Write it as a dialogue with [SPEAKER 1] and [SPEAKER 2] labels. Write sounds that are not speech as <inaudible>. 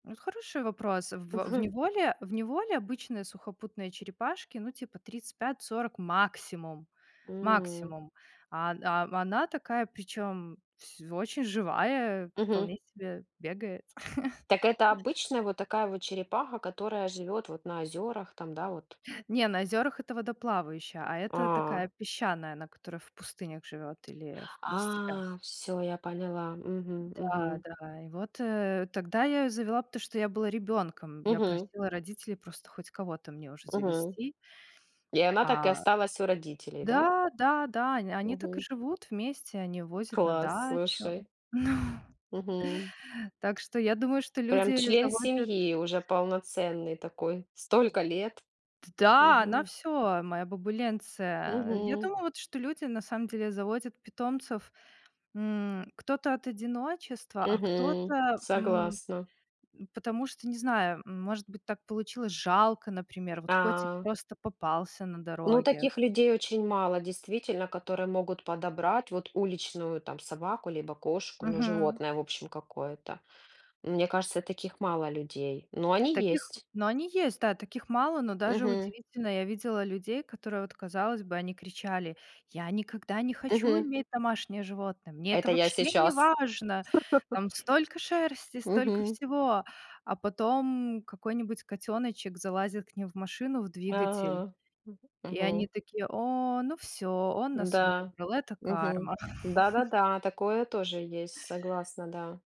[SPEAKER 1] Это хороший вопрос. В э в
[SPEAKER 2] Мгм.
[SPEAKER 1] неволе в неволе обычные сухопутные черепашки, ну, типа 35-40 максимум.
[SPEAKER 2] М.
[SPEAKER 1] Максимум. Ан ам она такая, причём вс очень живая,
[SPEAKER 2] Мгм.
[SPEAKER 1] вполне себе бегает. <chuckles>
[SPEAKER 2] Так это обычная вот такая вот черепаха, которая живет вот на озерах там, да, вот?
[SPEAKER 1] Не, на озёрах эта водоплавающая, а эта
[SPEAKER 2] А.
[SPEAKER 1] такая песчаная, она, которая в пустынях живёт или в в степях.
[SPEAKER 2] А, всё, я поняла. Мгм. Мгм.
[SPEAKER 1] Да-да, и вот, э, тогда я её завела, потому что я была ребёнком. Я
[SPEAKER 2] Мгм.
[SPEAKER 1] просила родителей просто хоть кого-то мне уже
[SPEAKER 2] Мгм.
[SPEAKER 1] завести.
[SPEAKER 2] И она так и
[SPEAKER 1] А,
[SPEAKER 2] осталась у родителей, да?
[SPEAKER 1] да да да, он они так и
[SPEAKER 2] Мгм.
[SPEAKER 1] живут вместе. Они возят на
[SPEAKER 2] Класс,
[SPEAKER 1] дачу.
[SPEAKER 2] слушай.
[SPEAKER 1] Ну
[SPEAKER 2] Мгм.
[SPEAKER 1] Так что я думаю, что люди
[SPEAKER 2] Прям
[SPEAKER 1] ее
[SPEAKER 2] член
[SPEAKER 1] заводят
[SPEAKER 2] семьи уже полноценный такой, столько лет.
[SPEAKER 1] Т да! Она
[SPEAKER 2] Мгм.
[SPEAKER 1] всё, моя бабуленция. А я
[SPEAKER 2] Мгм.
[SPEAKER 1] думаю вот, что люди, на самом деле, заводят питомцев, м кто-то от одиночества, а
[SPEAKER 2] Мгм.
[SPEAKER 1] кто-то, м
[SPEAKER 2] Согласна.
[SPEAKER 1] м потому что, не знаю, может быть, так получилось. Жалко, например, вот котик
[SPEAKER 2] А.
[SPEAKER 1] просто попался на
[SPEAKER 2] Ну,
[SPEAKER 1] дороге.
[SPEAKER 2] таких людей очень мало, действительно, которые могут подобрать, вот, уличную, там, собаку либо кошку, ну,
[SPEAKER 1] Мгм.
[SPEAKER 2] животное, в общем, какое-то. Мне кажется, таких мало людей, но
[SPEAKER 1] В
[SPEAKER 2] они
[SPEAKER 1] таких
[SPEAKER 2] есть.
[SPEAKER 1] но они есть, да, таких мало, но даже
[SPEAKER 2] Мгм.
[SPEAKER 1] удивительно. Я видела людей, которые, вот казалось бы, они кричали: "Я никогда не хочу
[SPEAKER 2] Мгм.
[SPEAKER 1] иметь домашнее животное!" "Мне это
[SPEAKER 2] Это я
[SPEAKER 1] вообще не
[SPEAKER 2] сейчас.
[SPEAKER 1] важно!"
[SPEAKER 2] <chuckles>
[SPEAKER 1] "Там столько шерсти, столько
[SPEAKER 2] Мгм.
[SPEAKER 1] всего". А потом какой-нибудь котеночек залазит к ним в машину, в двигатель.
[SPEAKER 2] Да, мгм,
[SPEAKER 1] И они
[SPEAKER 2] мгм.
[SPEAKER 1] такие: "О, ну всё, он нас
[SPEAKER 2] Да,
[SPEAKER 1] выбрал". Это
[SPEAKER 2] мгм,
[SPEAKER 1] карма. <chuckles>
[SPEAKER 2] да-да-да, такое тоже есть, согласна, да.